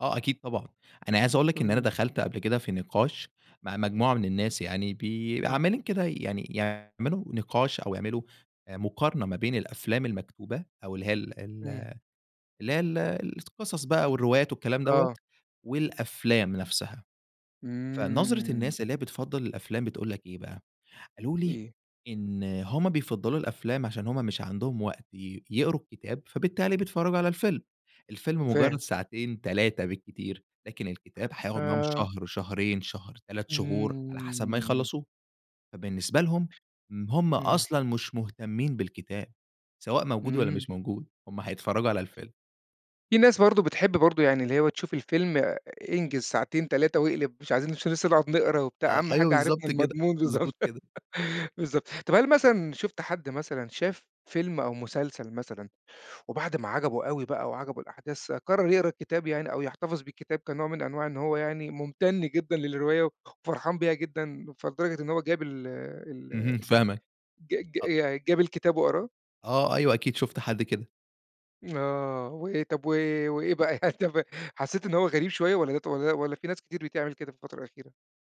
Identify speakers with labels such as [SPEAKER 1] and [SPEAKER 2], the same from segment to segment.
[SPEAKER 1] آه أكيد طبعًا. أنا عايز أقول لك،
[SPEAKER 2] قل
[SPEAKER 1] إن أنا
[SPEAKER 2] لي.
[SPEAKER 1] دخلت قبل كده في نقاش مع مجموعة من الناس يعني بي
[SPEAKER 2] إمم.
[SPEAKER 1] عمّالين كده يعني يعملوا نقاش أو يعملوا آآ مقارنة ما بين الأفلام المكتوبة أو اللي هي ال ال
[SPEAKER 2] إمم.
[SPEAKER 1] اللي هي ال القصص بقى والروايات والكلام دوّة
[SPEAKER 2] آه.
[SPEAKER 1] والأفلام نفسها. فنظرة
[SPEAKER 2] إمم.
[SPEAKER 1] الناس اللي هي بتفضّل الأفلام بتقول لك إيه بقى، قالوا لي
[SPEAKER 2] اي
[SPEAKER 1] إن هم بيفضّلوا الأفلام، عشان هم مش عندهم وقت ي يقروا الكتاب، فبالتالي بيتفرّجوا على الفيلم. الفيلم مُجرّد
[SPEAKER 2] فاهم.
[SPEAKER 1] ساعتين، 3 بالكتير، لكن الكتاب هياخُد معاهم
[SPEAKER 2] آه.
[SPEAKER 1] شهر، شهرين، شهر، 3 شهور على حسب ما
[SPEAKER 2] إمم.
[SPEAKER 1] يخلّصوه. فبالنسبة لهم م هم
[SPEAKER 2] إمم.
[SPEAKER 1] أصلًا مش مهتمّين بالكتاب، سواء موجود والّا
[SPEAKER 2] إمم.
[SPEAKER 1] مش موجود، هم هيتفرّجوا على الفيلم.
[SPEAKER 2] في ناس برضه بتحب برضه يعني اللي هي بتشوف الفيلم أ انجِز ساعتين، 3 وأقلب مش عايزين نش لسّه نقعد نقرا وبتاع،
[SPEAKER 1] آه،
[SPEAKER 2] أهَم
[SPEAKER 1] أيوه
[SPEAKER 2] حاجة
[SPEAKER 1] بالضبط
[SPEAKER 2] عرفنا
[SPEAKER 1] كده.
[SPEAKER 2] المضمون
[SPEAKER 1] مضبوط
[SPEAKER 2] بالضبط.
[SPEAKER 1] كده.
[SPEAKER 2] بالضبط. طب هل مثلًا شُفت حد مثلًا شاف فيلم أو مسلسل مثلًا وبعد ما عجبه أوي بقى وعجبه الأحداث، قرّر يقرا الكتاب يعني أو يحتفظ بالكتاب كنوع من أنواع إن هو يعني مُمتَن جدًا للرواية خ وفرحان بيها جدًا، فلدرجة إن هو جاب ال ال
[SPEAKER 1] اهم
[SPEAKER 2] ي
[SPEAKER 1] فاهمك.
[SPEAKER 2] ج ج
[SPEAKER 1] أ
[SPEAKER 2] يعني جاب الكتاب وقراه؟
[SPEAKER 1] آه، أيوه. أكيد شُفت حد كده.
[SPEAKER 2] آه. وإيه طب و وإيه بقى يعني طب حسّيت إنه هو غريب شوية والّا ده ط والّا والّا في ناس كتير بتعمل كده في الفترة الأخيرة؟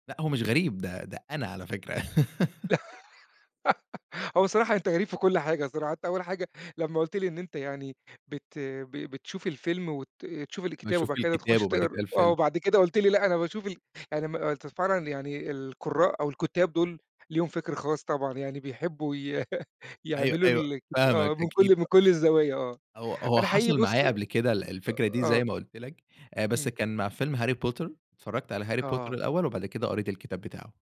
[SPEAKER 1] لأ، هو مش غريب، ده ده أنا على فكرة.
[SPEAKER 2] هو بصراحة أنت غريب في كل حاجة صراحة، أنت أول حاجة لمّا قُلت لي إن أنت يعني بت ب بتشوف الفيلم وت تشوف الكتابة
[SPEAKER 1] باشوف
[SPEAKER 2] وبعد
[SPEAKER 1] من
[SPEAKER 2] كده
[SPEAKER 1] الكتاب
[SPEAKER 2] تخُش
[SPEAKER 1] وبعد كده
[SPEAKER 2] تقرا آه،
[SPEAKER 1] الفيلم.
[SPEAKER 2] وبعد كده قُلت لي لأ أنا باشوف ال أنا ما قُلت فعلًا يعني القُرّاء أو الكُتّاب دول ليهم فِكْر خاص طبعًا، يعني بيحبّوا ي
[SPEAKER 1] أيوه،
[SPEAKER 2] يعملوا
[SPEAKER 1] أيوه
[SPEAKER 2] الك
[SPEAKER 1] فاهمك.
[SPEAKER 2] آه، من
[SPEAKER 1] أكيد
[SPEAKER 2] كل من
[SPEAKER 1] ط
[SPEAKER 2] كل الزوايا آه.
[SPEAKER 1] هو هو
[SPEAKER 2] أنا حقيقي
[SPEAKER 1] حصل
[SPEAKER 2] بُص
[SPEAKER 1] معايا قبل كده ال الفكرة دي زي
[SPEAKER 2] آه.
[SPEAKER 1] ما قُلت لك، آآ بس
[SPEAKER 2] إمم.
[SPEAKER 1] كان مع فيلم هاري بوتر، اتفرّجت على هاري بوتر
[SPEAKER 2] آه.
[SPEAKER 1] الأول وبعد كده قريت الكتاب بتاعه.